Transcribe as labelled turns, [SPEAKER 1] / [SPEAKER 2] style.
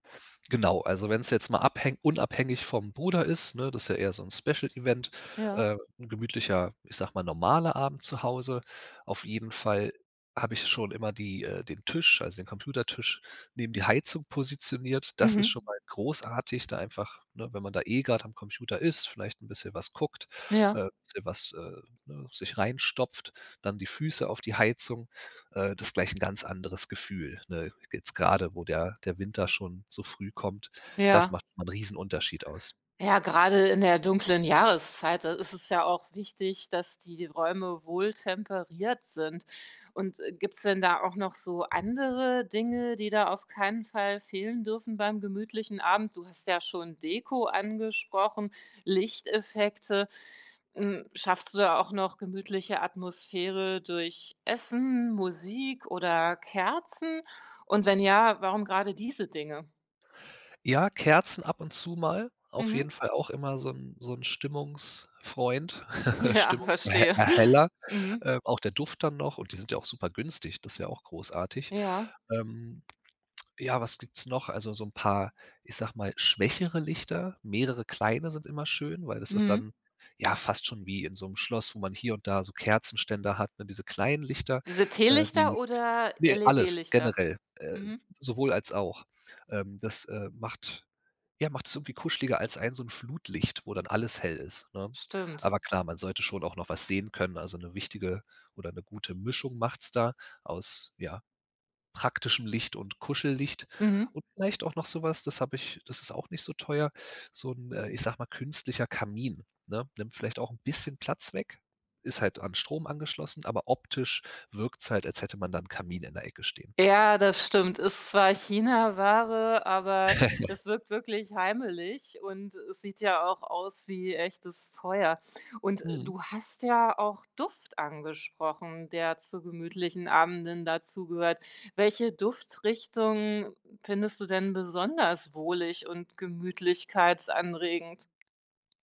[SPEAKER 1] Genau, also, wenn's jetzt mal abhängt unabhängig vom Bruder ist, ne, das ist ja eher so 'n Special Event,
[SPEAKER 2] Ja.
[SPEAKER 1] äh, 'n gemütlicher, ich sage mal normaler Abend zu Hause. Auf jeden Fall habe ich schon immer die äh, den Tisch, also, den Computertisch neben die Heizung positioniert. Das ist schon
[SPEAKER 2] Mhm.
[SPEAKER 1] mal großartig, da einfach ne, wenn man da eh grad am Computer ist, vielleicht 'n bisschen was guckt,
[SPEAKER 2] Ja.
[SPEAKER 1] äh, bisschen was, äh, ne, sich reinstopft, dann die Füße auf die Heizung, äh, das gleich 'n ganz anderes Gefühl, ne? Jetzt gerade, wo der der Winter schon so früh kommt, das
[SPEAKER 2] Ja.
[SPEAKER 1] macht 'nen Riesenunterschied aus.
[SPEAKER 2] Ja, gerade in der dunklen Jahreszeit, da ist es ja auch wichtig, dass die Räume wohltemperiert sind und gibt's denn da auch noch so andere Dinge, die da auf keinen Fall fehlen dürfen beim gemütlichen Abend? Du hast ja schon Deko angesprochen Lichteffekte. Hm, schaffst du da auch noch gemütliche Atmosphäre durch Essen, Musik oder Kerzen und wenn ja, warum gerade diese Dinge?
[SPEAKER 1] Ja, Kerzen ab und zu mal, auf
[SPEAKER 2] Mhm.
[SPEAKER 1] jeden Fall auch immer so 'n so 'n Stimmungsfreund
[SPEAKER 2] Ja,
[SPEAKER 1] Stimmungser
[SPEAKER 2] verstehe.
[SPEAKER 1] Erheller,
[SPEAKER 2] Mhm.
[SPEAKER 1] ähm, auch der Duft dann noch und die sind ja auch super günstig, das ist ja auch großartig.
[SPEAKER 2] Ja.
[SPEAKER 1] Ähm, ja, was gibt's noch? Also, so 'n paar, ich sage mal schwächere Lichter, mehrere kleine sind immer schön, weil das ist
[SPEAKER 2] Mhm.
[SPEAKER 1] dann ja fast schon wie in so 'nem Schloss, wo man hier und da so Kerzenständer hat, ne, diese kleinen Lichter,
[SPEAKER 2] Diese
[SPEAKER 1] äh,
[SPEAKER 2] Teelichter
[SPEAKER 1] die
[SPEAKER 2] oder
[SPEAKER 1] ne, alles,
[SPEAKER 2] LED-Lichter?
[SPEAKER 1] generell, äh
[SPEAKER 2] Mhm.
[SPEAKER 1] sowohl als auch. Ähm, das, äh, macht ja, macht's irgendwie kuscheliger als ein so 'n Flutlicht, wo dann alles hell ist, ne?
[SPEAKER 2] Stimmt.
[SPEAKER 1] Aber klar, man sollte schon auch noch was sehen können, also, 'ne wichtige oder 'ne gute Mischung macht's da aus, ja, praktischem Licht und Kuschellicht
[SPEAKER 2] Mhm.
[SPEAKER 1] und vielleicht auch noch so was das habe ich das ist auch nicht so teuer, so 'n, äh, ich sage mal, künstlicher Kamin, ne, nimmt vielleicht auch 'n bisschen Platz weg, ist halt an den Strom angeschlossen, aber optisch wirkt's halt, als hätte man da 'nen Kamin in der Ecke stehen.
[SPEAKER 2] Ja, das stimmt. Ist zwar Chinaware, aber es wirkt wirklich heimelig und es sieht ja auch aus wie echtes Feuer und
[SPEAKER 1] Mhm.
[SPEAKER 2] du hast ja auch Duft angesprochen, der zu gemütlichen Abenden dazugehört. Welche Duftrichtung findest du denn besonders wohlig und gemütlichkeitsanregend?